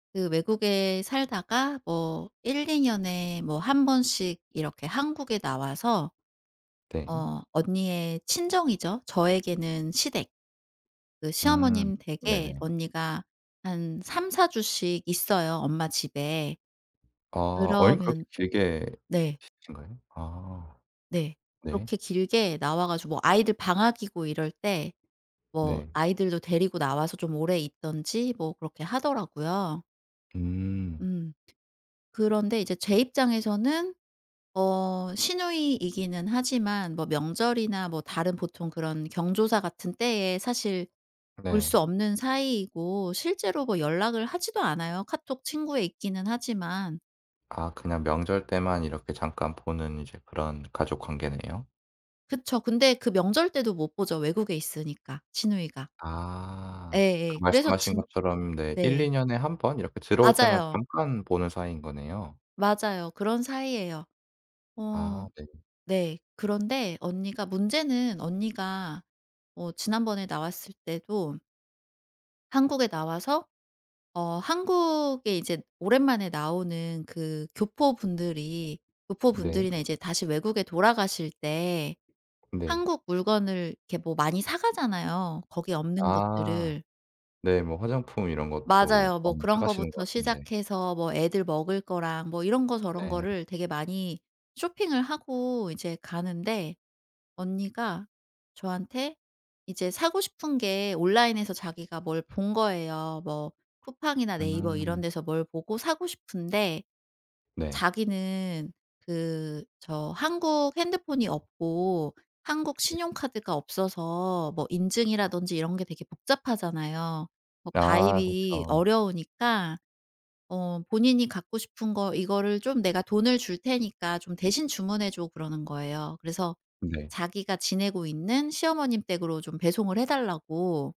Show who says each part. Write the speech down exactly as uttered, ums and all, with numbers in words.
Speaker 1: 그 외국에 살다가 뭐 일이 년에 뭐 한 번씩 이렇게 한국에 나와서
Speaker 2: 네.
Speaker 1: 어 언니의 친정이죠 저에게는 시댁. 그
Speaker 2: 음
Speaker 1: 시어머님 댁에
Speaker 2: 네네.
Speaker 1: 언니가 한 삼사 주씩 있어요 엄마 집에.
Speaker 2: 아 여행을 그렇게
Speaker 1: 그러면
Speaker 2: 길게
Speaker 1: 네.
Speaker 2: 계신가요? 아.
Speaker 1: 네.
Speaker 2: 네.
Speaker 1: 그렇게 길게 나와 가지고 뭐 아이들 방학이고 이럴 때 뭐
Speaker 2: 네.
Speaker 1: 아이들도 데리고 나와서 좀 오래 있던지 뭐 그렇게 하더라고요.
Speaker 2: 음.
Speaker 1: 음. 그런데 이제 제 입장에서는 어 시누이이기는 하지만 뭐 명절이나 뭐 다른 보통 그런 경조사 같은 때에 사실 볼
Speaker 2: 네.
Speaker 1: 수 없는 사이이고 실제로 뭐 연락을 하지도 않아요 카톡 친구에 있기는 하지만.
Speaker 2: 아 그냥 명절 때만 이렇게 잠깐 보는 이제 그런 가족관계네요.
Speaker 1: 그쵸. 근데 그 명절 때도 못 보죠 외국에 있으니까 시누이가.
Speaker 2: 아 그
Speaker 1: 예예. 그래서
Speaker 2: 말씀하신
Speaker 1: 진
Speaker 2: 것처럼 네 일이
Speaker 1: 네.
Speaker 2: 년에 한 번 이렇게 들어올 때만
Speaker 1: 맞아요.
Speaker 2: 잠깐 보는 사이인 거네요.
Speaker 1: 맞아요 그런 사이에요. 어
Speaker 2: 아 네.
Speaker 1: 네. 그런데 언니가 문제는 언니가 어 지난번에 나왔을 때도 한국에 나와서 어 한국에 이제 오랜만에 나오는 그 교포분들이
Speaker 2: 네.
Speaker 1: 교포분들이나 이제 다시 외국에 돌아가실 때
Speaker 2: 네.
Speaker 1: 한국 물건을 이렇게 뭐 많이 사 가잖아요 거기에 없는
Speaker 2: 아
Speaker 1: 것들을.
Speaker 2: 네. 뭐 화장품 이런 것도
Speaker 1: 맞아요. 뭐
Speaker 2: 많이 사
Speaker 1: 그런
Speaker 2: 가시는 것
Speaker 1: 것부터
Speaker 2: 같은데.
Speaker 1: 시작해서 뭐 애들 먹을 거랑 뭐 이런 거 저런
Speaker 2: 네.
Speaker 1: 거를 되게 많이 쇼핑을 하고 이제 가는데 언니가 저한테 이제 사고 싶은 게 온라인에서 자기가 뭘 본 거예요. 뭐 쿠팡이나 네이버 이런
Speaker 2: 음.
Speaker 1: 데서 뭘 보고 사고 싶은데.
Speaker 2: 네.
Speaker 1: 자기는 그 저 한국 핸드폰이 없고 한국
Speaker 2: 네.
Speaker 1: 신용카드가 없어서 뭐 인증이라든지 이런 게 되게 복잡하잖아요. 뭐
Speaker 2: 아.
Speaker 1: 가입이
Speaker 2: 그쵸.
Speaker 1: 어려우니까 어 본인이 갖고 싶은 거 이거를 좀 "내가 돈을 줄 테니까 좀 대신 주문해 줘." 그러는 거예요. 그래서
Speaker 2: 네.
Speaker 1: 자기가 지내고 있는 시어머님 댁으로 좀 배송을 해달라고.